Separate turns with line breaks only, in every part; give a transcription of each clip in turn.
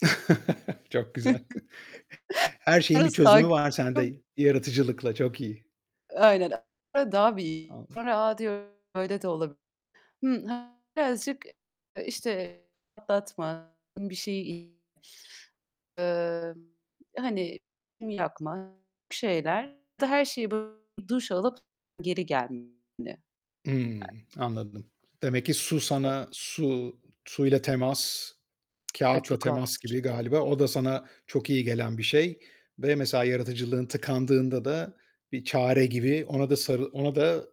Çok güzel. Her şeyin bir çözümü var
[unintelligible]
sende yaratıcılıkla. Çok iyi.
Aynen, daha bir
[unintelligible]
A! Diyorum. Öyle de olabilir. Hmm, birazcık, işte, atlatma, bir şeyi, emm, hani, yakma bir şeyler. Her şeye böyle duş alıp geri gelme.
Hımm, anladım. Demek ki su sana su suyla temas,
Ay
kâğıtla
çok
temas
rahatlatır.
gibi galiba. O da sana çok iyi gelen bir şey. Ve mesela yaratıcılığın tıkandığında da bir çare gibi ona da sarı ona da s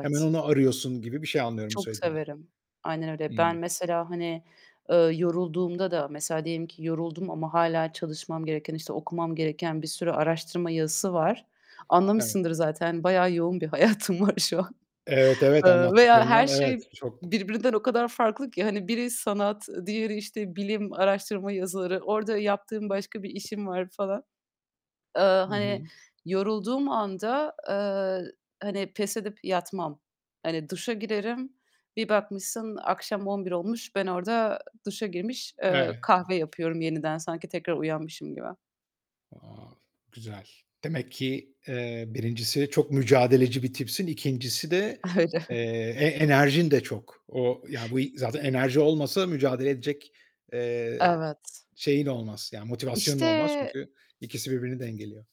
hemen onu arıyorsun gibi bir şey anlıyorum bu
Çok
söylediğinden.
severim. Aynen öyle. Ben
Hımm.
mesela, hani, eee, yorulduğumda da mesela diyelim ki yoruldum ama hâlâ çalışmam gereken, işte, okumam gereken bir sürü araştırma yazısı var.
Evet.
Anlamışsındır zaten bayağı yoğun bir hayatım var şu an.
Evet, evet,
Eee, veya her
anlattıklarından evet,
şey
çok.
birbirinden o kadar farklı ki. Hani biri sanat, diğeri, işte, bilim, araştırma yazıları. Orada yaptığım başka bir işim var falan. Eee,
Hı
hani,
hı.
yorulduğum anda, eee, hani, pes edip yatmam. Hani, duşa girerim. Bir bakmışsın akşam 23.00 olmuş. Ben orada duşa girmiş, eee,
Evet.
kahve yapıyorum yeniden. Sanki tekrar uyanmışım gibi.
Wow, güzel. Demek ki, eee, 1.'si çok mücadeleci bir tipsin. 2.'si de,
Öyle.
eee, e enerjin de çok. O, yani bu zaten enerji olmasa mücadele edecek, eee,
Evet.
şeyin olmaz, yani, motivasyonun
İşte
olmaz. Çünkü ikisi birbirini dengeliyor.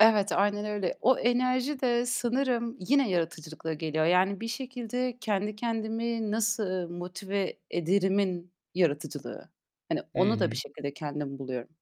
Evet, aynen öyle. O enerji de sanırım yine yaratıcılıkla geliyor. Yani bir şekilde "Kendi kendimi nasıl motive ederimin yaratıcılığı." Hani onu da bir
Hıı.
şekilde kendim buluyorum.